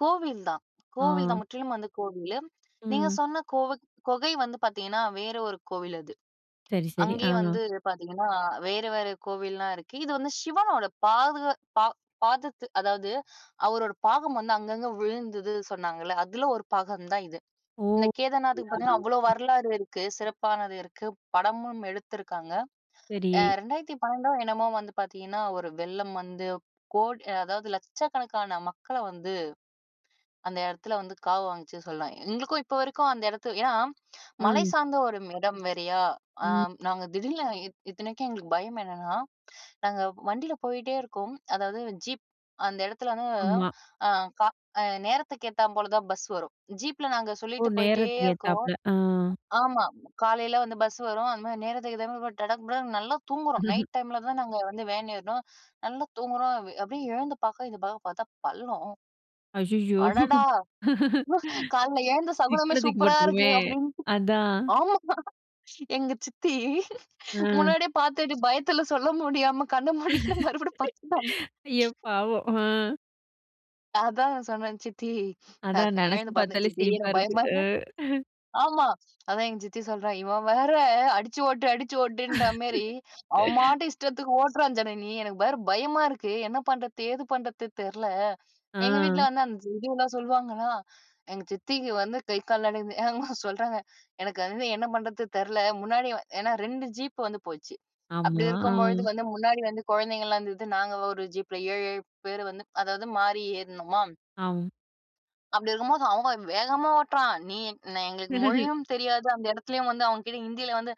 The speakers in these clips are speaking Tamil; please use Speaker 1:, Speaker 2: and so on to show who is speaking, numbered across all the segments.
Speaker 1: கோவில் தான் கோவில் தான்
Speaker 2: ஆ.
Speaker 1: முற்றிலும் வந்து கோவிலு. நீங்க
Speaker 2: ம்.
Speaker 1: சொன்ன கோவுக் கொகை வந்து பாத்தீங்கன்னா, வேற ஒரு கோவிலு அது.
Speaker 2: சரி, சரி. ஆ.
Speaker 1: அங்கேயே வந்து பாத்தீங்கன்னா, வேற வேற கோவில்லாம் இருக்கு. இது வந்து சிவனோட பாது பா பாதத்து அதாவது, அவரோட பாகம் வந்து அங்கங்க விழுந்தது சொன்னாங்கல்ல, அதில ஒரு பாகம் தான் இது. இந்த
Speaker 2: ஓ!
Speaker 1: கேதர்நாத்துக்கு பாத்தீங்கன்னா, அவ்வளோ
Speaker 2: [unintelligible] ம்.
Speaker 1: வரலாறு இருக்கு. சிறப்பானது இருக்கு. படமும் எடுத்துருக்காங்க. அ
Speaker 2: சரி.
Speaker 1: 2012ஓ என்னமோ வந்து பாத்தீங்கன்னா ஒரு வெள்ளம் வந்து, கோடி அதாவது லட்சக்கணக்கான மக்கள வந்து, அந்த எடத்துல வந்து காவு வாங்குச்சு சொல்லலாம். எங்களுக்கும் இப்போ வரைக்கும் அந்த எடத்து ஏன்னா, மலை
Speaker 2: ம்.
Speaker 1: சார்ந்த ஒரு இடம் வேறையா. ஆ
Speaker 2: ம்.
Speaker 1: நாங்க திடீர்னு இத்தனைக்கும் எங்களுக்கு பயம் என்னன்னா, நாங்க வண்டியில போயிட்டே இருக்கோம். அதாவது ஜீப் அந்த இடத்துல வந்து,
Speaker 2: ஆமா.
Speaker 1: ஆ க அ நேரத்துக்கு ஏத்தா போல தான் பஸ் வரும். ஜீப்பில நாங்க
Speaker 2: ஓ!
Speaker 1: சொல்லிட்டு போயிட்டே
Speaker 2: நேரத்துக்கு
Speaker 1: இருக்கோம்.
Speaker 2: ஏத்தாப்ல. ஆ.
Speaker 1: ஆமா, காலையில வந்து பஸ் வரும் அந்த மாதிரி நேரத்துக்கு ஏத்த மாதிரி டடக் புடானு நல்லா தூங்குறோம். நைட் டைமில தான் நாங்க வந்து வேன் ஏறினோம். நல்லா தூங்குறோம். அப்டியே எழுந்து பாக்க, இந்த பக்கம் பாத்தா பள்ளம்.
Speaker 2: அய்யயோ.
Speaker 1: அடடா! காலையில எழுந்த சகுனமே
Speaker 2: சிக்கனு தூக்கி
Speaker 1: சூப்பரா இருக்கு,
Speaker 2: போட்ருக்குமே.
Speaker 1: அப்படினு.
Speaker 2: அதான்.
Speaker 1: ஆமா, எங்க சித்தி
Speaker 2: ம்.
Speaker 1: முன்னாடியே பாத்துட்டு, பயத்துல சொல்ல முடியாம கண்ணை மூடிக்கிட்டு மறுபடியும் படுத்துட்டாங்க.
Speaker 2: ஐயோ! பாவம். ஆ.
Speaker 1: அதான் சொன்னேன், சித்தி அ
Speaker 2: அதான் நெனைச்சு
Speaker 1: எழுந்து பாத்தேன்.
Speaker 2: பாத்தாலே
Speaker 1: சித்தி
Speaker 2: சிரிப்பா
Speaker 1: எனக்கு
Speaker 2: இருக்கு
Speaker 1: பயமா
Speaker 2: அ.
Speaker 1: ஆமா, அதான் எங்க சித்தி சொல்றா, இவ வேற அடிச்சு ஓட்டு, அடிச்சு ஓட்டுன்ற மாரி, அவன் பாட்டுக்கு இஷ்டத்துக்கு ஓட்றான் ஜனனி. எனக்கு வேற பயமா இருக்கு. என்ன பண்ணுறது ஏது பண்ணுறது தெரியல. எங்க வீட்ல
Speaker 2: ஆ.
Speaker 1: வந்து அந்த இதுலாம் சொல்லுவாங்களா, எங்க சித்திக்கு வந்து கை கால் நடுங்குது, ஆமா சொல்றாங்க. எனக்கு வந்து என்ன பண்ணுறது தெரியல. முன்னாடி ஏன்னா 2 ஜீப் வந்து போச்சு. அப்படி
Speaker 2: ஆமா. ஆ,
Speaker 1: இருக்கும் பொழுது வந்து முன்னாடி வந்து குழந்தைங்கலாம் இருந்தது நாங்க ஒரு ஜீப்ல 7, 7 பேரு வந்து, அதாவது மாறி ஏறுனோமா
Speaker 2: ஆ.
Speaker 1: அப்டி இருக்கும்போது. அவங்க, வேகமா ஓட்டுறான். நீ எ என் எங்களுக்கு மொழியும் தெரியாது, அந்த இடத்துலேயும் வந்து அவங்க கிட்ட ஹிந்தியில வந்து,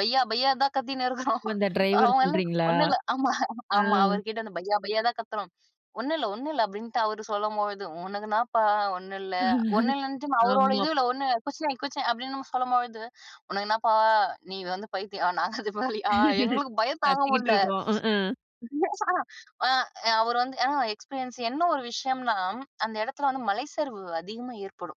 Speaker 1: பையா பையா தான் கத்தின்னு இருக்கிறோம்.
Speaker 2: இப்ப அந்த ட்ரைவர
Speaker 1: அவங்க எல்லாம்,
Speaker 2: சொல்றீங்களா?
Speaker 1: ஒண்ணும் இல்ல. ஆமா,
Speaker 2: ஆ.
Speaker 1: ஆமா, அவர் கிட்ட அந்த பையா பையா தான் கத்துறோம். ஒண்ணுல ஒண்ணுல, அப்டின்ட்டு அவர் சொல்லும்பொழுதும், உனக்கு என்னப்பா ஒண்ணும் இல்ல. ஒண்ணும் இல்லன்னுட்டு, அவரோட
Speaker 2: ஆமா.
Speaker 1: இதுல, ஒண்ணு குச்நஹி குச்நஹி அப்டின்னு சொல்லும்பொழுது, உனக்கு என்னப்பா நீ வந்து பைத்தியம், நாங்க அதுமாரியா, எங்களுக்கு பயம் தாங்க
Speaker 2: கத்திக்கிட்டு
Speaker 1: முடில
Speaker 2: இருக்கோம். அ, அ,
Speaker 1: ஆ அவர் வந்து அ எக்ஸ்பீரியன்ஸ் என்ன ஒரு விஷயம்னா, அந்த எடத்துல வந்து மலைச்சரிவு அதிகமா ஏற்படும்.